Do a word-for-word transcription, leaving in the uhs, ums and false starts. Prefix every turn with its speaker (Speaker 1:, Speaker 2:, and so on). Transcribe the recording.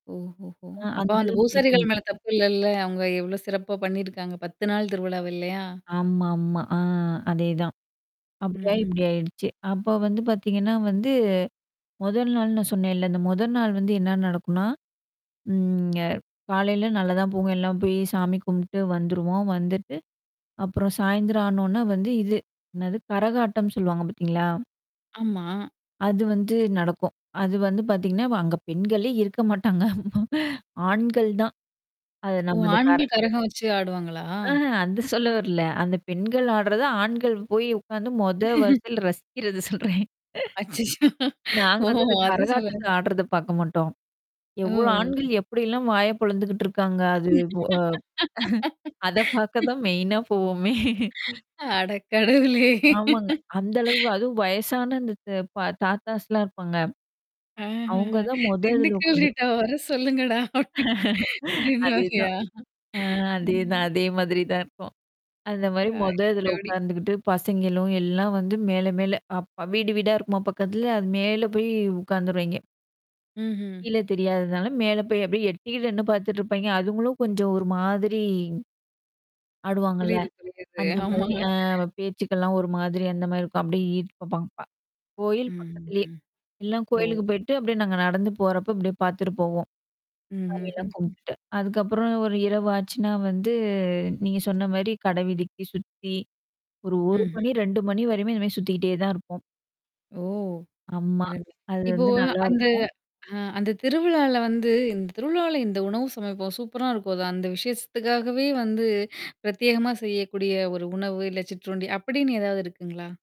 Speaker 1: ஓஹோஹோ!
Speaker 2: அ
Speaker 1: அப்ப
Speaker 2: அந்த
Speaker 1: அந்த
Speaker 2: அளவுக்கு இருக்க
Speaker 1: பூசாரிகள் மேல
Speaker 2: மாட்டேன்.
Speaker 1: தப்பு இல்லல்ல, அவங்க எவ்ளோ சிறப்பா பண்ணியிருக்காங்க. பத்து நாள் திருவிழாவ இல்லையா?
Speaker 2: ஆமாமா. ஆ அதேதான். அப்படியாயி
Speaker 1: ம்ஹ்ம்
Speaker 2: இப்படி
Speaker 1: ம்.
Speaker 2: ஆயிடுச்சு. அப்போ வந்து பாத்தீங்கன்னா வந்து மொதல் நாள்னு சொன்னேன்ல்ல அந்த மொதல் நாள் வந்து என்ன நடக்குனா? ம் ங்க காலையில நல்ல தான் போகும் எல்லாம் போய் சாமி கும்பிட்டு வந்துருவோம். வந்துட்டு. அப்புறம் சாயந்திரம் ஆனோன்ன வந்து இது. என்னது கரகாட்டம் சொல்லுவாங்க பார்த்தீங்களா?
Speaker 1: ஆமா.
Speaker 2: அது வந்து நடக்கும். அது வந்து பாத்தீங்கன்னா, அங்க பெண்களே இருக்க மாட்டாங்க ஆண்கள் தான். அது
Speaker 1: ஓ!
Speaker 2: நம்ம அது கர.
Speaker 1: ஆண்கள் கரகம் வச்சு ஆடுவாங்களா?
Speaker 2: ஆஹ அந்த சொல்ல வரல. அந்த பெண்கள் ஆடுறத ஆண்கள் போய் உட்கார்ந்து மொத வரிசையல ரசிக்கறத சொல்றேன்
Speaker 1: அச்சச்சோ!
Speaker 2: நாங்க
Speaker 1: ஓ!
Speaker 2: வந்து அந்த
Speaker 1: அது சொல்லல.
Speaker 2: கரகாட்டத்த ஆடுறத பார்க்க மாட்டோம்.
Speaker 1: ஓ!
Speaker 2: எவ்ளோ
Speaker 1: ஓ!
Speaker 2: ஆண்கள்
Speaker 1: ஓ
Speaker 2: எப்டிலாம் வாய பொழந்துக்கிட்டு இருக்காங்க அது அ-அ அத பார்க்க தான் மெயினா போவோமே!
Speaker 1: அட கடவுளே!
Speaker 2: ஆமாங்க. அந்த அளவு அதுவும் வயசான அந்த த பா தாத்தாஸ்லாம் இருப்பாங்க.
Speaker 1: ஆஹஹ
Speaker 2: அவங்க தான் மொதத்துல
Speaker 1: திண்டுக்கல் ரீட்டா
Speaker 2: உட்காந்துருப்பாங்க.
Speaker 1: வர சொல்லுங்கடா! அப்டி அப்டின்ற மாறியா?
Speaker 2: அதேதான். ஆ அதேதான்.
Speaker 1: ம்.
Speaker 2: அதே மாதிரி தான் இருக்கும். அந்த
Speaker 1: ஆ
Speaker 2: மாரி மொத இதில
Speaker 1: [unintelligible]
Speaker 2: உட்கார்ந்துக்கிட்டு பசங்களும் எல்லாம் வந்து மேல மேல அப்ப வீடு வீடா இருக்குமா பக்கத்துல அது மேல போய் உட்காந்துருவெய்ங்கெ.
Speaker 1: ம்ஹ்ம்.
Speaker 2: கீழ தெரியாததுனால மேல போய் அப்படியியே எட்டி நின்னு பார்த்துட்டுருப்பாங்கெ. அதுங்களும் கொஞ்சம் ஒரு மாதிரி. ஆடுவாங்கல்ல.
Speaker 1: புரியுது, புரியுது.
Speaker 2: அந்த மாரி
Speaker 1: ஆமாமா.
Speaker 2: அ பேச்சுக்கலாம் ஒரு மாதிரி அந்த மாரி இருக்கும். அப்படியே ஈ போப்பாங்க. கோயில்
Speaker 1: ம்
Speaker 2: பக்கத்திலேயே.
Speaker 1: ம்.
Speaker 2: எல்லாம்
Speaker 1: ஓ!
Speaker 2: கோயிலுக்கு போய்ட்டு அப்படியே நாங்க நடந்து போறப்ப அப்படியே பார்த்துட்டு போவோம். சாமிலாம்
Speaker 1: ம்ஹ்ஹ்ம்.
Speaker 2: கும்பிட்டுட்டு. அதுக்கப்புறம் ஒரு இரவ ஆச்சுன்னா வந்து நீங்க சொன்ன மாரி கடை வீதிக்கி சுத்தி. ஒரு ஒரு
Speaker 1: ம்ஹ்ம்.
Speaker 2: மணி, ரெண்டு மணி வரையுமே இந்த மாரி சுத்திக்கிட்டே தான் இருப்போம்.
Speaker 1: ஓ!
Speaker 2: ஆம்மா.
Speaker 1: ரெண்டு.
Speaker 2: அது
Speaker 1: இப்போ
Speaker 2: வந்து
Speaker 1: அந்த
Speaker 2: நல்லாருக்கும்.
Speaker 1: ஆ அந்த திருவிழால வந்து இந்த திருவிழால இந்த உணவு சமைப்போம். சூப்பரா இருக்கும்தா அந்த விஷயத்துக்காகவே வந்து பிரத்யேகமா செய்யக்கூடிய ஒரு உணவு, இல்ல சிற்றுண்டி அப்படின்னு ஏதாவது இருக்குங்களா?